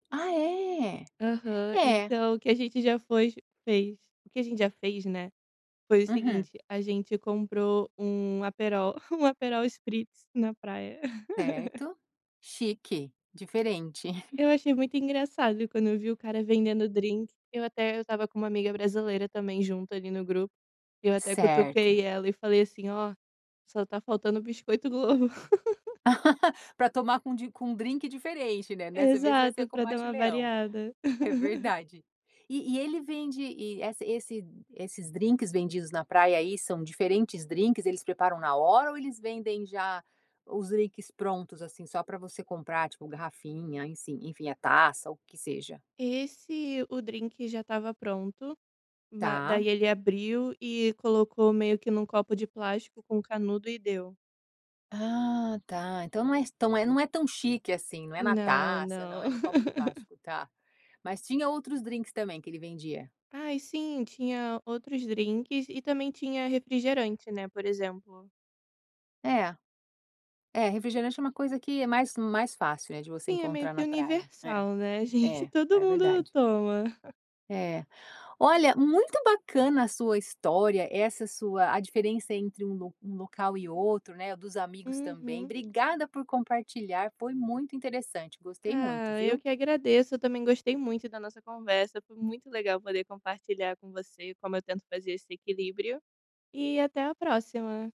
Ah, é? Aham. É Então o que a gente já fez- fez o que a gente já fez, né, foi o Uhum. seguinte: a gente comprou um Aperol, um Aperol Spritz na praia. Certo, chique, diferente. Eu achei muito engraçado quando eu vi o cara vendendo drinque, eu até eu estava com uma amiga brasileira também junto ali no grupo e eu até Certo. cutuquei ela e falei assim: "Ó, só está faltando biscoito Globo". Pra tomar com d com um drinque diferente, né, dessa vez vai ser Exato, com pra dar Matte uma Leão. variada. É verdade. E e ele vende e essa esse esses drinques vendidos na praia aí, são diferentes drinques? Eles preparam na hora ou eles vendem já os drinques prontos, assim, só para você comprar? Tipo, garrafinha, enfim-, enfim a taça o que seja? Esse o drinque já estava pronto, ma Tá. daí ele abriu e colocou meio que em um copo de plástico com canudo e deu. Ah, tá. Então não é então é não é tão chique, assim, não é na Não, taça, não não. é no copo de plástico, tá. Mas tinha outros drinques também, que ele vendia? Ai sim, tinha outros drinques e também tinha refrigerante, né, por exemplo É. É, refrigerante é uma coisa que é mais mais fácil, né, de você Sim, é meio encontrar que na praia. É, universal, né, gente, é, todo é mundo verdade. toma. É. Olha, muito bacana a sua história, essa sua a diferença entre um lo um local e outro, né, dos amigos também, Uhum. obrigada por compartilhar, foi muito interessante. Gostei muito, Ah, eu viu. que agradeço, eu também gostei muito da nossa conversa, foi muito legal poder compartilhar com você como eu tento fazer esse equilíbrio. E até a próxima.